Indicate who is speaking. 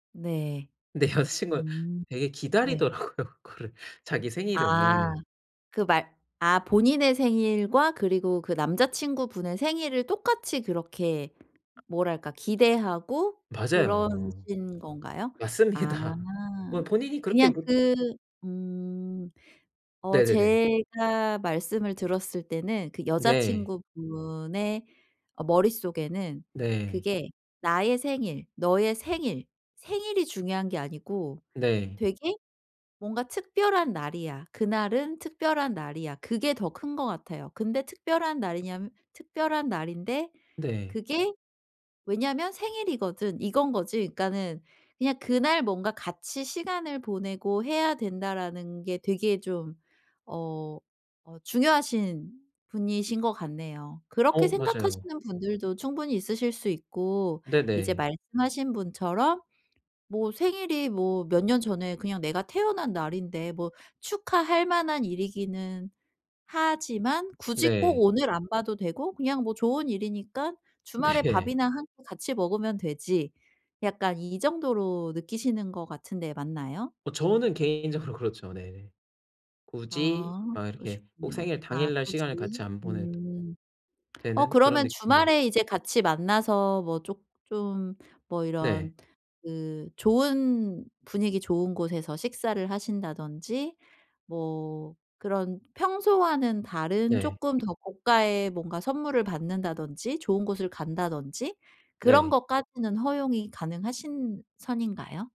Speaker 1: 네.
Speaker 2: 근데 여자친구가
Speaker 1: 음.
Speaker 2: 되게
Speaker 1: 네.
Speaker 2: 기다리더라고요, 그거를 자기
Speaker 1: 아.
Speaker 2: 생일을.
Speaker 1: 그 말 아 본인의 생일과 그리고 그 남자친구분의 생일을 똑같이 그렇게 뭐랄까 기대하고
Speaker 2: 맞아요.
Speaker 1: 그러신 건가요? 아.
Speaker 2: 맞습니다. 뭐 본인이 그렇게
Speaker 1: 그냥
Speaker 2: 못
Speaker 1: 그 음. 어
Speaker 2: 네네네.
Speaker 1: 제가 말씀을 들었을 때는 그
Speaker 2: 네.
Speaker 1: 여자친구분의 어 머릿속에는
Speaker 2: 네.
Speaker 1: 그게 '나의 생일, 너의 생일, 생일이 중요한 게 아니고
Speaker 2: 네.
Speaker 1: 되게 뭔가 특별한 날이야. 그날은 특별한 날이야.' 그게 더 큰 것 같아요. 근데 특별한 날이냐면 '특별한 날인데
Speaker 2: 네.
Speaker 1: 그게 왜냐면 생일이거든.' 이건 거지. 그러니까는 그냥 그날 뭔가 '같이 시간을 보내고 해야 된다.'라는 게 되게 좀 어 어 중요하신 분이신 것 같네요. 그렇게
Speaker 2: 어 맞아요.
Speaker 1: 생각하시는 분들도 충분히 있으실 수 있고 이제
Speaker 2: 네네.
Speaker 1: 말씀하신 분처럼 '뭐 생일이 뭐 몇 년 전에 그냥 내가 태어난 날인데 뭐 축하할 만한 일이기는 하지만 굳이 꼭
Speaker 2: 네.
Speaker 1: 오늘 안 봐도 되고 그냥 뭐 좋은 일이니깐 주말에
Speaker 2: 네.
Speaker 1: 밥이나 1 끼 같이 먹으면 되지.' 약간 이 정도로 느끼시는 것 같은데 맞나요?
Speaker 2: 어 저는 개인적으로 그렇죠, 네. 굳이
Speaker 1: 아
Speaker 2: 막 이렇게 꼭
Speaker 1: 그러셨군요.
Speaker 2: 생일
Speaker 1: 아
Speaker 2: 당일날
Speaker 1: 굳이.
Speaker 2: 시간을 같이 안 보내도
Speaker 1: 음. 어
Speaker 2: 되는 그런
Speaker 1: 그러면
Speaker 2: 느낌입니다.
Speaker 1: 주말에 이제 같이 만나서 뭐 쪼 좀 뭐
Speaker 2: 네.
Speaker 1: 이런 그 좋은 분위기 좋은 곳에서 식사를 하신다든지 뭐 그런 평소와는 다른
Speaker 2: 네.
Speaker 1: 쪼끔 더 고가의 뭔가 선물을 받는다든지 좋은 곳을 간다든지 그런
Speaker 2: 네.
Speaker 1: 것까지는 허용이 가능하신 선인가요?